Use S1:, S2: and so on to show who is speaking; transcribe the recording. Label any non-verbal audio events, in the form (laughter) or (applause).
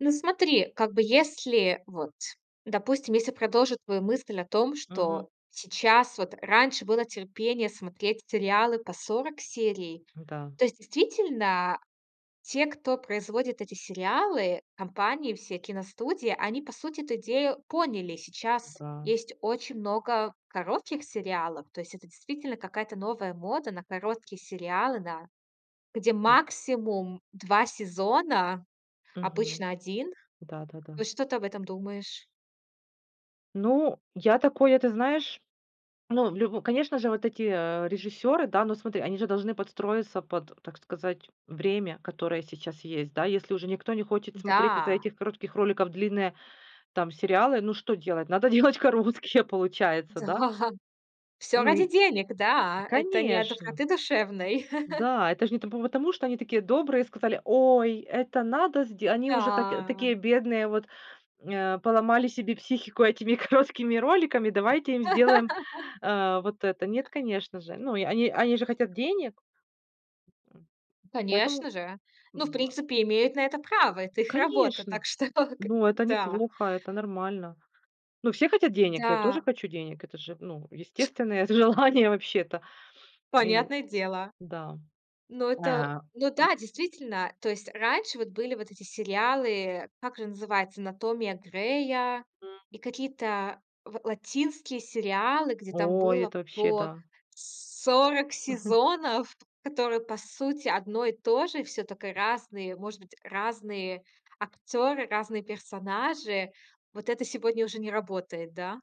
S1: Ну смотри, как бы если вот, допустим, если продолжу твою мысль о том,
S2: Мгм.
S1: что сейчас вот раньше было терпение смотреть сериалы по 40 серий.
S2: М-да.
S1: То есть, действительно, те, кто производит эти сериалы, компании, все киностудии, они, по сути, эту идею поняли. Сейчас
S2: М-да.
S1: есть очень много коротких сериалов. То есть это действительно какая-то новая мода на короткие сериалы, да, где максимум 2 сезона,
S2: Мгм.
S1: обычно 1.
S2: Да-да-да.
S1: Вот что ты об этом думаешь?
S2: Ну, я такое, ты знаешь, ну, в лю конечно же, вот эти, э, режиссёры, да? Ну, смотри, они же должны подстроиться под, так сказать, время, которое сейчас есть, да? Если уже никто не хочет смотреть из-за
S1: Да.
S2: этих коротких роликов длинные там сериалы, ну что делать, надо делать короткие получается,
S1: Да.
S2: да?
S1: Всё
S2: Ну
S1: ради
S2: и,
S1: денег, да. Это не от
S2: конечно.
S1: доброты душевной. (chuckles)
S2: Да, это ж не по потому, что они такие добрые, сказали: "Ой, это надо сде". Они уже так
S1: Да.
S2: такие бедные, вот, э, поломали себе психику этими короткими роликами, давайте им сделаем,
S1: (laughs)
S2: э, вот это. Нет, конечно же. Ну, и они они они же хотят денег. М. Поэтому,
S1: Конечно же. Ну, в
S2: м-да.
S1: принципе, имеют на это право. Это их работа.
S2: Конечно,
S1: Так что к
S2: но это не
S1: да.
S2: плохо, это нормально. Ну, все хотят денег, я тоже
S1: Да.
S2: хочу денег. Это же, ну, естественное з желание вообще-то, и
S1: Понятное дело.
S2: да.
S1: Ну
S2: Э,
S1: это
S2: а,
S1: ну
S2: а
S1: да, действительно. То есть раньше вот были вот эти сериалы, э, как же называется, "Анатомия Грея" и какие-то ла латинские сериалы, где там
S2: О,
S1: было
S2: это вообще
S1: по
S2: да.
S1: 40
S2: Мгм.
S1: сезонов, которые по сути одно и то же. Всё только разные, может быть, разные актёры, разные персонажи. Вот это сегодня уже не работает, да?